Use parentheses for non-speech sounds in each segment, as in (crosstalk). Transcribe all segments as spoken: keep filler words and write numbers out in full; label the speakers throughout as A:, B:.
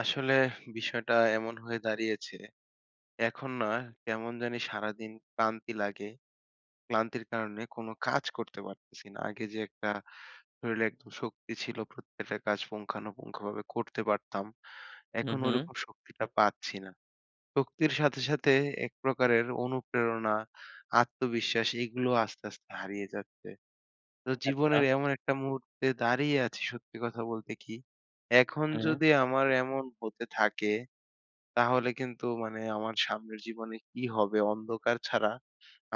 A: আসলে বিষয়টা এমন হয়ে দাঁড়িয়েছে, এখন না কেমন জানি সারাদিন ক্লান্তি লাগে। ক্লান্তির কারণে কোনো কাজ করতে পারতেছি না। আগে যে একটা শরীরে একটা শক্তি ছিল, প্রত্যেকটা কাজ পুঙ্খানুপুঙ্খভাবে করতে পারতাম।
B: হু,
A: এখন ওই
B: হু।
A: রকম শক্তিটা পাচ্ছি না। শক্তির সাথে, সাথে একপ্রকারের অনুপ্রেরণা, আত্মবিশ্বাস এগুলোও আস্তে, আস্তে হারিয়ে যাচ্ছে। তো
B: আচ্ছা।
A: জীবনের এমন একটা মুহূর্তে দাঁড়িয়ে আছি সত্যি কথা বলতে কি এখন
B: হুম।
A: যদি আমার এমন হতে থাকে, তাহলে কিন্তু মানে আমার সামনের জীবনে কি হবে অন্ধকার ছাড়া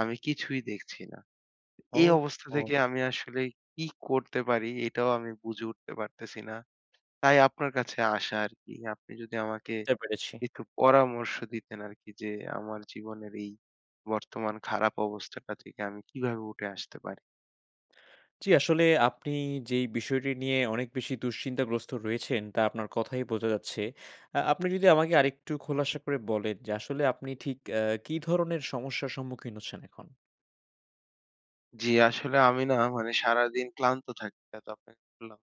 A: আমি কিছুই দেখছি না। এই
B: ওহ
A: অবস্থা
B: হো।
A: থেকে আমি আসলে কি করতে পারি এটাও আমি বুঝে উঠতে পারতেছি না। তাই আপনার কাছে আসা আর কি। আপনি যদি আমাকে
B: ঝতে পেরেছি।
A: কিছু পরামর্শ দিতেন আরকি যে আমার জীবনের এই বর্তমান খারাপ অবস্থাটা থেকে আমি কিভাবে উঠে আসতে পারি?
B: জি আসলে আপনি যে এই বিষয়টি নিয়ে অনেক বেশি দুশ্চিন্তাগ্রস্ত রয়েছেন তা আপনার কথায়ই বোঝা যাচ্ছে। আ আপনি যদি আমাকে আরেকটু খোলাসা করে বলেন যে আসলে আপনি ঠিক অ্যা কী ধরনের সমস্যার সম্মুখীন হচ্ছেন এখন?
A: জ্বি, আসলে আমি না মানে সারাদিন ক্লান্ত থাকি এত অপেক্ষা করলাম।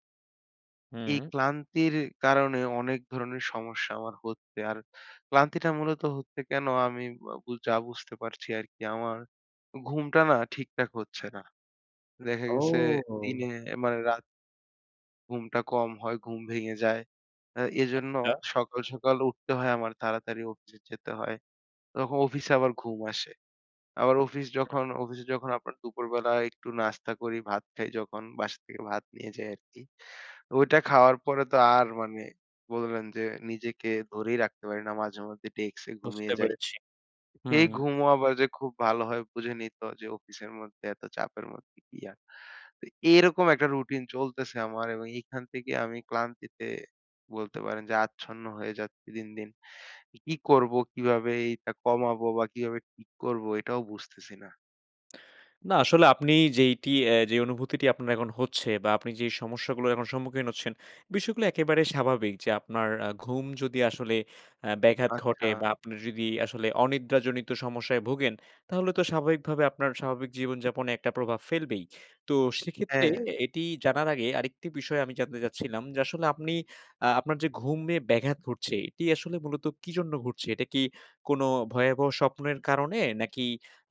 A: এই
B: হুম।
A: ক্লান্তির কারণে অনেক ধরনের সমস্যা আমার হচ্ছে। আর ক্লান্তিটা মূলত হচ্ছে কেন? আমি আ বু যা বুঝতে পারছি আরকি। আমার ঘুমটা না ঠিকঠাক হচ্ছে না। দেখা গেছে দিনে
B: ও।
A: মানে রাত ঘুমটা কম হয়, ঘুম ভেঙে যায়। অ্যা এজন্য
B: আচ্ছা।
A: সকাল, সকাল উঠতে হয় আমার, তাড়াতাড়ি অফিসে যেতে হয়। তখ অফিসে আবার ঘুম আসে। আবার অফিস
B: হ্যাঁ।
A: যখন অফিসে যখন আপনার দুপুরবেলায় একটু নাস্তা করি, ভাত খাই যখন, বাসা থেকে ভাত নিয়ে যাই আরকি। তো ওইটা খাওয়ার পরে তো আর মানে বলবেন যে নিজেকে ধরেই রাখতে পারি না, মাঝেমধ্যে ডেস্ক এ ঘুমিয়ে
B: বুঝতে
A: যাই।
B: পেরেছি।
A: এই
B: হুম।
A: ঘুমও আবার যে খুব ভালো হয় বুঝেনই তো, যে অফিসের মধ্যে, এত চাপের মধ্যে কি আর। তো এরকম একটা রুটিন চলতেছে আমার এবং এইখান থেকে আমি ক্লান্তিতে বলতে পারেন যে আচ্ছন্ন হয়ে যাচ্ছি দিন, দিন। ই কি করব? কিভাবে এইটা কমাবো বা কিভাবে ঠিক করব? এইটাও বুঝতেছি না।
B: না আসলে আপনি যেইটি অ্যা যেই অনুভূতিটি আপনার এখন হচ্ছে বা আপনি যে সমস্যাগুলোর এখন সম্মুখীন হচ্ছেন, বিষয়গুলো একেবারে স্বাভাবিক। যে আপনার আ ঘুম যদি আসলে আ ব্যাঘাত ঘটে
A: আচ্ছা।
B: বা আপনি যদি আসলে অনিদ্রাজনিত সমস্যায় ভোগেন, তাহলে তো স্বাভাবিকভাবে আপনার স্বাভাবিক জীবনযাপনে একটা প্রভাব ফেলবেই। তো সেক্ষেত্রে
A: হ্যাঁ।
B: এটি জানার আগে, আরেকটি বিষয় আমি জানতে চাচ্ছিলাম, যে আসলে আপনি আ আপনার যে ঘুমে ব্যাঘাত ঘটছে, এটি আসলে মূলত কী জন্য ঘটছে? এটা কি কোন ভয়াবহ স্বপ্নের কারণে? নাকি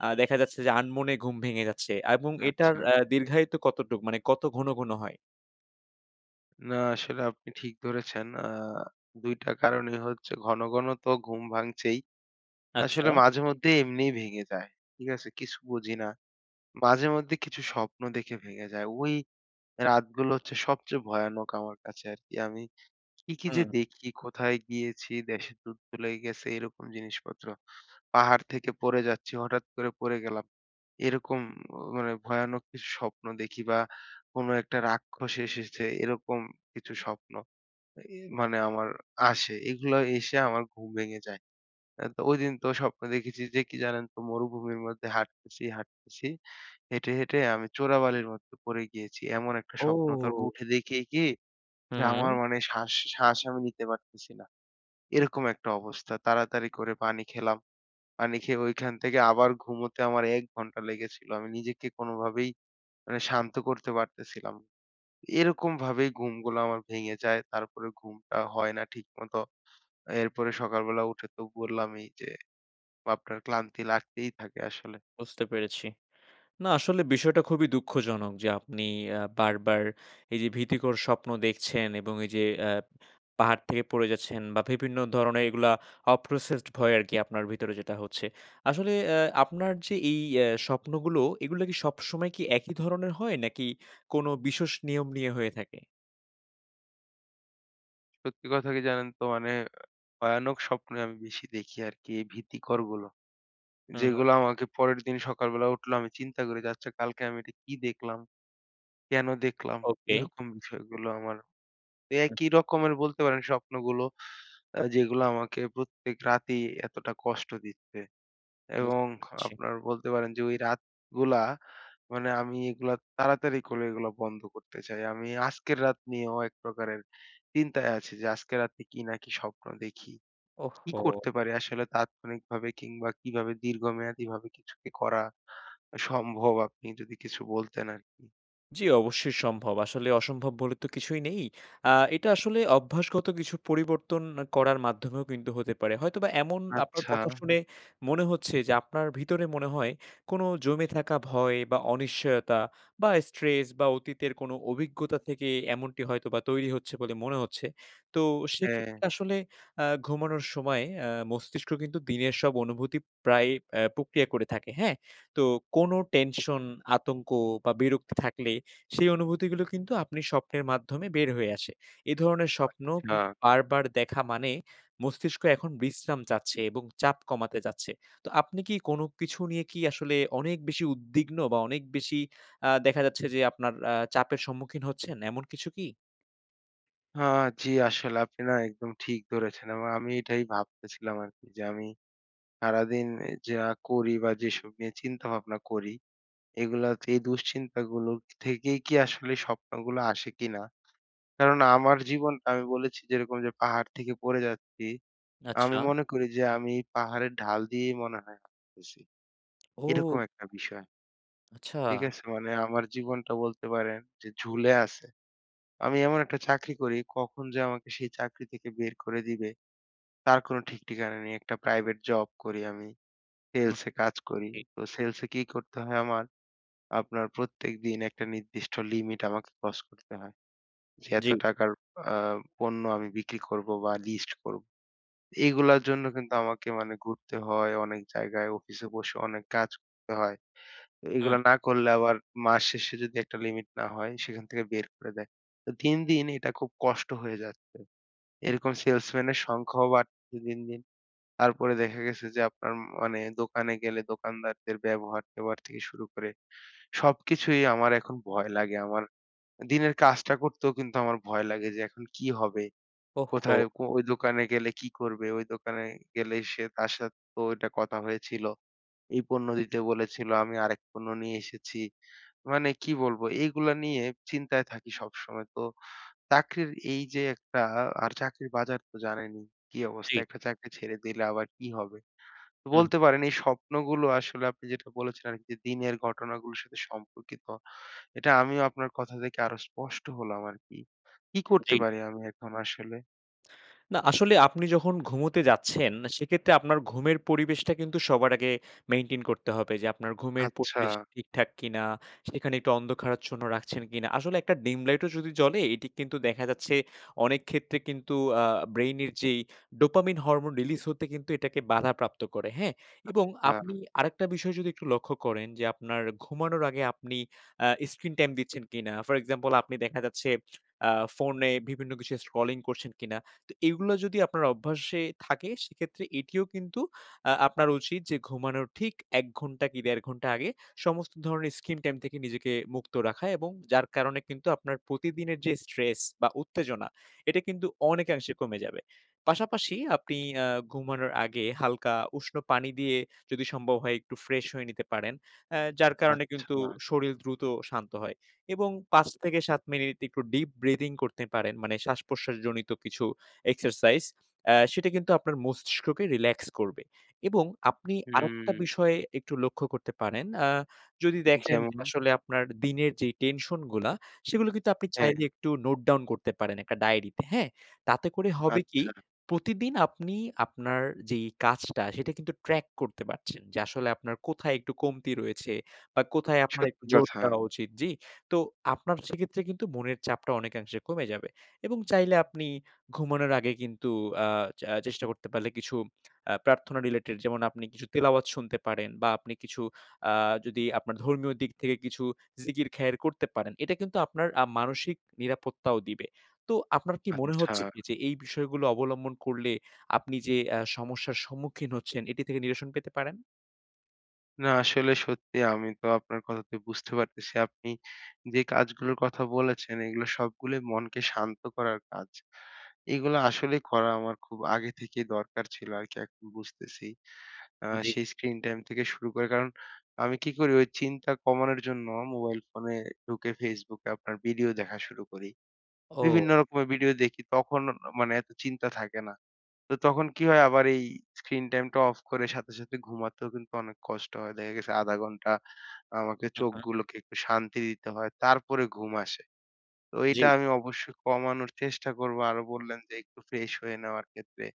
B: আ দেখা যাচ্ছে যে আনমনে ঘুম ভেঙে যাচ্ছে? এবং এটার
A: আচ্ছা।
B: আ দীর্ঘায়িত কতটুকু মানে কত ঘন ঘন হয়?
A: না আসলে আপনি ঠিক ধরেছেন। আ দুই টা কারণই হচ্ছে ঘন, ঘন তো ঘুম ভাঙছেই। আসলে
B: আচ্ছা।
A: মাঝে মধ্যে এমনিই ভেঙে যায়। ঠিক আছে? কিছু বুঝি না। মাঝে মধ্যে কিছু স্বপ্ন দেখে ভেঙে যায়। ওই রাতগুলো হচ্ছে সবচেয়ে ভয়ানক আমার কাছে আরকি। আমি কি, কি যে
B: হুম।
A: দেখি! কোথায় গিয়েছি? দেশে যুদ্ধ লাইগা গেছে এরকম জিনিসপত্র। পাহাড় থেকে পড়ে যাচ্ছি হঠাৎ করে পড়ে গেলাম। এরকম মানে ভয়ানক কিছু স্বপ্ন দেখি বা কোনো একটা রাক্ষস এসেছে এরকম কিছু স্বপ্ন এ এ মানে আমার আসে। এগুলাও এসে আমার ঘুম ভেঙে যায়। অ্যা তো ঐদিন তো স্বপ্নে দেখেছি যে কি জানেন তো? মরুভূমির মধ্যে হাটতেছি, হাটতেছি। হেঁটে, হেঁটে আমি চোরাবালির মধ্যে পড়ে গিয়েছি। এমন একটা স্বপ্ন তারপর
B: ও।
A: উঠে দেখি কি, যে আমার
B: হুম।
A: মানে শ্বাস শ্বাস আমি নিতে পারতেছি না। এরকম একটা অবস্থা। তাড়াতাড়ি করে পানি খেলাম। পানি খেয়ে ঐখান থেকে আবার ঘুমোতে আমার এক ঘন্টা লেগেছিল। আমি নিজেকে কোনভাবেই মানে শান্ত করতে পারতেছিলাম। এইরকম ভাবেই ঘুমগুলো আমার ভেঙে যায়। তারপরে ঘুমটা হয় না ঠিকমত। এরপরে সকালবেলা উঠে তো বললামই যে আপনার ক্লান্তি লাগতেই থাকে আসলে।
B: বুঝতে পেরেছি। না আসলে বিষয়টা খুবই দুঃখজনক যে আপনি আ বারবার এই যে ভীতিকর স্বপ্ন দেখছেন এবং এই যে অ্যা পাহাড় থেকে পড়ে গেছেন বা বিভিন্ন ধরনের এইগুলা অ processed ভয় আরকি আপনার ভেতরে যেটা হচ্ছে। আসলে অ্যা আপনার যে এই এ স্বপ্নগুলো এগুলা কি সবসময় একই ধরনের হয় নাকি কোন বিশষ নিয়ম নিয়ে হয়ে থাকে?
A: সত্যি কথা কি জানেন তো? মানে ভয়ানক স্বপ্নে আমি বেশি দেখি আরকি। এই ভীতিকরগুলো।
B: হুম হু।
A: যেগুলো, আমাকে পরের দিন সকালবেলা উঠলে আমি চিন্তা করি, যে আচ্ছা কালকে আমি এটা কি দেখলাম? কেন দেখলাম?
B: ওকে।
A: এরকম বিষয়গুলো আমার। একই রকমের বলতে পারেন স্বপ্নগুলো। যেগুলো আমাকে প্রত্যেক রাতেই এতটা কষ্ট দিচ্ছে। এবং
B: বুঝতে পারছি।
A: আপনার বলতে পারেন, যে ওই রাতগুলা, মানে আমি এগুলা, তাড়াতাড়ি করে এগুলা বন্ধ করতে চাই। আমি আজকের রাত নিয়েও এক প্রকারের চিন্তায় আছি, যে আজকে রাতে কি না কি স্বপ্ন দেখি? কি
B: ওহহো!
A: করতে পারি? আসলে, তাৎক্ষণিকভাবে কিংবা কিভাবে দীর্ঘমেয়াদীভাবে কিছু কি করা সম্ভব? আপনি যদি কিছু বলতেন আরকি।
B: জ্বি, অবশ্যই সম্ভব। আসলে অসম্ভব বলে তো কিছুই নেই। আ এটা আসলে অভ্যাসগত কিছু পরিবর্তন করার মাধ্যমেও কিন্তু হতে পারে। হয়তোবা এমন আপনার
A: আচ্ছা।
B: কথা শুনে মনে হচ্ছে, যে আপনার ভিতরে মনে হয়, কোনো জমে থাকা ভয় বা অনিশ্চয়তা বা স্ট্রেস বা অতীতের কোনো অভিজ্ঞতা থেকে এমনটি হয়তো বা তৈরি হচ্ছে, বলে মনে হচ্ছে। তো,
A: হ্যাঁ।
B: সেক্ষেত্রে আসলে আ ঘুমানোর সময় আ মস্তিষ্ক কিন্তু দিনের সব অনুভূতি প্রায় এ প্রক্রিয়া করে থাকে, হ্যাঁ? তো কোনো টেনশন, আতঙ্ক বা বিরক্তি থাকলে সেই অনুভূতিগুলো কিন্তু আপনি স্বপ্নের মাধ্যমে বের হয়ে আসে। এ ধরনের স্বপ্ন
A: আচ্ছা।
B: বারবার দেখা মানে মস্তিষ্ক এখন বিশ্রাম চাচ্ছে এবং চাপ কমাতে চাচ্ছে। তো, আপনি কি কোনো কিছু নিয়ে কি আসলে অনেক বেশি উদ্বিগ্ন? বা অনেক বেশি আ দেখা যাচ্ছে, যে আপনার আ চাপের সম্মুখীন হচ্ছেন, এমন কিছু কি?
A: হ্যাঁ, জি আসলে আপনি না একদম ঠিক ধরেছেন এবং আমি এটাই ভাবতেছিলাম আর কি। যে আমি সারাদিন এ যা করি বা যেসব নিয়ে চিন্তাভাবনা করি, এগুলো হচ্ছে এই দুশ্চিন্তাগুলো থেকেই কি আসলে স্বপ্নগুলো আসে কিনা? কারণ আমার জীবনটা আমি বলেছি যেরকম যে পাহাড় থেকে পড়ে যাচ্ছি। আমি
B: আচ্ছা।
A: মনে করি যে আমি পাহাড়ের ঢাল দিয়েই মনে হয় হাটতেছি। এরকম
B: ও।
A: একটা বিষয়।
B: আচ্ছা।
A: ঠিক আছে? মানে আমার জীবনটা বলতে পারেন যে ঝুলে আছে। আমি এমন একটা চাকরি করি, কখন যে আমাকে সেই চাকরি থেকে বের করে দিবে, তার কোনো ঠিক ঠিকানা নেই। একটা প্রাইভেট জব করি আমি, সেলসে
B: বুঝতেছি।
A: কাজ করি। তো সেলসে কি করতে হয় আমার? আপনার প্রত্যেক দিন একটা নির্দিষ্ট লিমিট আমাকে ক্রস করতে হয়। যে এত
B: জি।
A: টাকার আ পণ্য আমি বিক্রি করব বা লিস্ট করব। এগুলোর জন্য কিন্তু আমাকে মানে ঘুরতে হয় অনেক জায়গায়, অফিসে বসে অনেক কাজ করতে হয়। তো
B: হুম।
A: এইগুলা না করলে আবার মাস শেষে যদি একটা লিমিট না হয়, সেখান থেকে বের করে দেয়। তো দিন, দিন এটা খুব কষ্ট হয়ে যাচ্ছে। এরকম সেলসম্যানের সংখ্যাও বাড়তেছে দিন, দিন। তারপরে দেখা গেছে যে আপনার ম মানে দোকানে গেলে দোকানদারদের ব্যবহার-ট্যাঁবহার থেকে শুরু করে সবকিছুই আমার এখন ভয় লাগে। আমার দিনের কাজটা করতেও কিন্তু আমার ভয় লাগে, যে এখন কি হবে?
B: ওহহো।
A: কোথায় কো ওই দোকানে গেলে কি করবে? ওই দোকানে গেলেই সে তার সাথে তো ওইটা কথা হয়েছিল। এই পণ্য দিতে বলেছিল, আমি আরেক পণ্য নিয়ে এসেছি। মানে কি বলব? এইগুলা নিয়ে চিন্তায় থাকি সবসময়। তো চাকরির এই যে একটা আর চাকরির বাজার তো জানেনই কি অবস্থা?
B: জি।
A: একটা চাকরি ছেড়ে দিলে আবার কি হবে? তো
B: হুম।
A: বলতে পারেন এই স্বপ্নগুলো আসলে আপনি যেটা বলেছেন আরকি যে দিনের ঘটনাগুলোর সাথে সম্পর্কিত। এটা আমিও আপনার কথা থেকে আরো স্পষ্ট হলাম আরকি। কি করতে
B: জি।
A: পারি আমি এখন আসলে?
B: না আসলে আপনি যখন ঘুমোতে যাচ্ছেন, সেক্ষেত্রে আপনার ঘুমের পরিবেশটা কিন্তু সবার আগে মেইনটেইন করতে হবে। যে আপনার ঘুমের
A: আচ্ছা।
B: পরিবেশ ঠিকঠাক কিনা? সেখানে একটু অন্ধকারাচ্ছন্ন রাখছেন কিনা? আসলে একটা ডিম লাইটও যদি জ্বলে এটি কিন্তু দেখা যাচ্ছে অনেক ক্ষেত্রে কিন্তু আ ব্রেইনের যেই ডোপামিন হরমোন রিলিজ হতে কিন্তু এটাকে বাধাপ্রাপ্ত করে। হ্যাঁ? এবং
A: আচ্ছা।
B: আপনি আরেকটা বিষয় যদি একটু লক্ষ্য করেন যে আপনার ঘুমানোর আগে আপনি আ screen টাইম দিচ্ছেন কিনা? ফর এক্সাম্পল আপনি দেখা যাচ্ছে আ ফোনে বিভিন্ন কিছু scrolling করছেন কিনা? তো এইগুলা যদি আপনার অভ্যাসে থাকে সেক্ষেত্রে এটিও কিন্তু আ আপনার উচিত যে ঘুমানোর ঠিক এক ঘন্টা কি দেড় ঘন্টা আগে, সমস্ত ধরনের screen টাইম থেকে নিজেকে মুক্ত রাখা। এবং যার কারণে কিন্তু আপনার প্রতিদিনের যে স্ট্রেস বা উত্তেজনা এটা কিন্তু অনেকাংশে কমে যাবে। পাশাপাশি আপনি আ ঘুমানোর আগে হালকা উষ্ণ পানি দিয়ে যদি সম্ভব হয় একটু ফ্রেশ হয়ে নিতে পারেন। অ্যা যার কারণে
A: আচ্ছা।
B: কিন্তু শরীর দ্রুত শান্ত হয়। এবং পাঁচ থেকে সাত মিনিট একটু deep breathing করতে পারেন। মানে শ্বাস-প্রশ্বাসজনিত কিছু এক্সারসাইজ। অ্যা সেটা কিন্তু আপনার মস্তিষ্ককে রিল্যাক্স করবে। এবং আপনি আরেকটা
A: হুম।
B: বিষয় একটু লক্ষ্য করতে পারেন। আ যদি দেখেন যে
A: যেমন?
B: আসলে আপনার দিনের যে টেনশন গুলা সেগুলো কিন্তু আপনি চাইলে
A: হ্যাঁ।
B: একটু নোট ডাউন করতে পারেন একটা ডায়রিতে। হ্যাঁ? তাতে করে হবে কি
A: আচ্ছা।
B: প্রতিদিন আপনি আপনার যেই কাজটা সেটা কিন্তু ট্র্যাক করতে পারছেন। যে আসলে আপনার কোথায় একটু কমতি রয়েছে? বা কোথায় আপনার একটু
A: সত্যি
B: জোর
A: কথা।
B: দেওয়া উচিত? জ্বি? তো আপনার সেক্ষেত্রে কিন্তু মনের চাপটা অনেকাংশে কমে যাবে। এবং চাইলে আপনি ঘুমানোর আগে কিন্তু আ চ আ চেষ্টা করতে পারলে কিছু আ প্রার্থনা রিলেটেড যেমন আপনি কিছু তিলাওয়াত শুনতে পারেন বা আপনি কিছু আ যদি আপনার ধর্মীয় দিক থেকে কিছু জিকির খায়ের করতে পারেন। এটা কিন্তু আপনার আ মানসিক নিরাপত্তাও দিবে। তো আপনার কি মনে
A: আচ্ছা।
B: হচ্ছে কি যে এই বিষয়গুলো অবলম্বন করলে আপনি যে আ সমস্যার সম্মুখীন হচ্ছেন এটি থেকে নিরসন পেতে পারেন?
A: না আসলে সত্যিই আমি তো আপনার কথাতে বুঝতে পারতেছি। আপনি যে কাজগুলোর কথা বলেছেন এইগুলা সবগুলাই মনকে শান্ত করার কাজ। এগুলো আসলেই করা আমার খুব আগে থেকেই দরকার ছিল আরকি এখন বুঝতেছি। আ
B: জি।
A: সেই স্ক্রিন টাইম থেকে শুরু করে। কারণ আমি কি করি? ওই চিন্তা কমানোর জন্য মোবাইল ফোনে ঢুকে Facebook এ আপনার ভিডিও দেখা শুরু করি।
B: ওউ।
A: বিভিন্ন রকমের ভিডিও দেখি তখন ন মানে এত চিন্তা থাকে না। তো তখন কি হয়
B: (breath)
A: আবার এই স্ক্রিন টাইমটা অফ করে সাথে, সাথে ঘুমাতেও কিন্তু অনেক কষ্ট হয়। দেখা গেছে আধা ঘন্টা আমাকে
B: উহ-হম।
A: চোখগুলোকে একটু শান্তি দিতে হয়। তারপরে ঘুম আসে। তো
B: জি।
A: এইটা আমি অবশ্যই কমানোর চেষ্টা করব। আরো বললেন যে একটু ফ্রেশ হয়ে নেওয়ার ক্ষেত্রে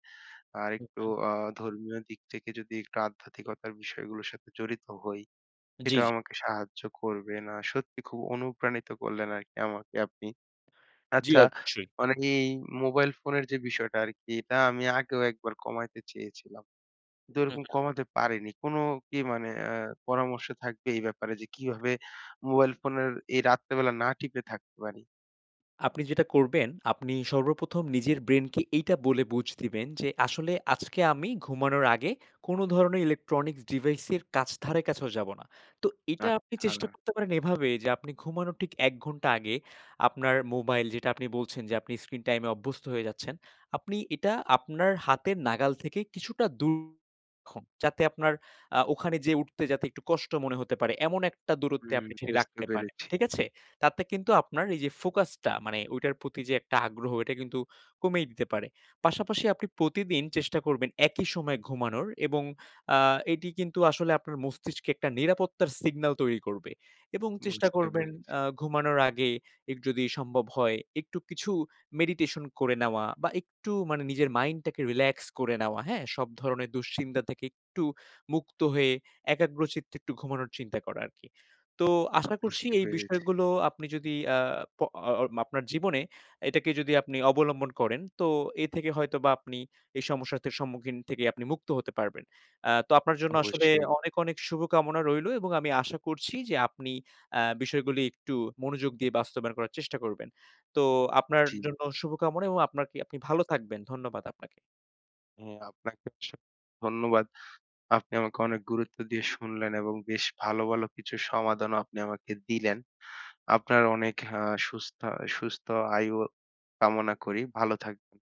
A: আর একটু
B: উহ-হম।
A: আ ধর্মীয় দিক থেকে যদি একটু আধ্যাত্মিকতার বিষয়গুলোর সাথে জড়িত হই
B: জি,
A: সেটাও
B: জি।
A: আমাকে সাহায্য করবে। না সত্যি খুব অনুপ্রাণিত করলেন আরকি আমাকে আপনি।
B: জি
A: আচ্ছা
B: অবশ্যই।
A: মানে এই মোবাইল ফোনের যে বিষয়টা আরকি এটা আমি আগেও একবার কমাইতে চেয়েছিলাম। কিন্তু ওইরকম
B: উহ-হুম।
A: কমাতে পারিনি। কোন কি মানে অ্যা পরামর্শ থাকবে এই ব্যাপারে? যে কিভাবে মোবাইল ফোনের এই রাত্রেবেলা না টিপে থাকতে পারি?
B: আপনি যেটা করবেন, আপনি সর্বপ্রথম নিজের ব্রেইন কে এইটা বলে বুঝ দিবেন, যে আসলে আজকে আমি ঘুমানোর আগে কোন ধরনের ইলেকট্রনিক্স ডিভাইস এর কাছ ধারে কাছেও যাব না। তো এটা আপনি চেষ্টা
A: আচ্ছা।
B: করতে পারেন এভাবে; যে আপনি ঘুমানোর ঠিক এক ঘন্টা আগে, আপনার মোবাইল, যেটা আপনি বলছেন যে আপনি স্ক্রিন টাইম এ অভ্যস্ত হয়ে যাচ্ছেন। আপনি এটা আপনার হাতের নাগাল থেকে কিছুটা দূর রাখুন। যাতে আপনার আ ওখানে যেয়ে উঠতে যাতে একটু কষ্ট মনে হতে পারে। এমন একটা দূরত্বে
A: হুম।
B: আপনি সেটি
A: বুঝতে
B: রাখতে পারেন,
A: পেরেছি।
B: ঠিক আছে? তাতে কিন্তু আপনার এই যে ফোকাস টা, মানে ওইটার প্রতি যে একটা আগ্রহ এটা কিন্তু কমিয়ে দিতে পারে। পাশাপাশি আপনি প্রতিদিন চেষ্টা করবেন একই সময় ঘুমানোর। এবং আ এটি কিন্তু আসলে আপনার মস্তিষ্কে একটা নিরাপত্তার সিগনাল তৈরি করবে। এবং চেষ্টা
A: বুঝতে
B: করবেন
A: পেরেছি।
B: আ ঘুমানোর আগে এগ যদি সম্ভব হয় একটু কিছু মেডিটেশন করে নেওয়া বা একটু মানে নিজের মাইন্ড টাকে রিল্যাক্স করে নেওয়া, হ্যাঁ? সব ধরণের দুশ্চিন্তা থেকে একটু মুক্ত হয়ে, একাগ্রচিত্তে একটু ঘুমানোর চিন্তা করা আরকি। তো আশা করছি
A: বুঝতে
B: এই
A: পেরেছি।
B: বিষয়গুলো আপনি যদি আ প আ আ আপনার জীবনে এটাকে যদি আপনি অবলম্বন করেন, তো এ থেকে হয়তোবা আপনি এই সমস্যাতের সম্মুখীন থেকে আপনি মুক্ত হতে পারবেন। অ্যা তো আপনার জন্য আসলে
A: অবশ্যই।
B: অনেক, অনেক শুভকামনা রইলো এবং আমি আশা করছি যে আপনি অ্যা বিষয়গুলি একটু মনোযোগ দিয়ে বাস্তবায়ন করার চেষ্টা করবেন। তো আপনার
A: জি।
B: জন্য শুভকামনা এবং আপনারকি আপনি ভালো থাকবেন। ধন্যবাদ আপনাকে।
A: হ্যাঁ আপনাকেও অসং ধন্যবাদ। আপনি আমাকে অনেক গুরুত্ব দিয়ে শুনলেন এবং বেশ ভালো, ভালো কিছু সমাধানও আপনি আমাকে দিলেন। আপনার অনেক আ সুস্থা সুস্থ আয়ু কামনা করি। ভালো থাকবেন।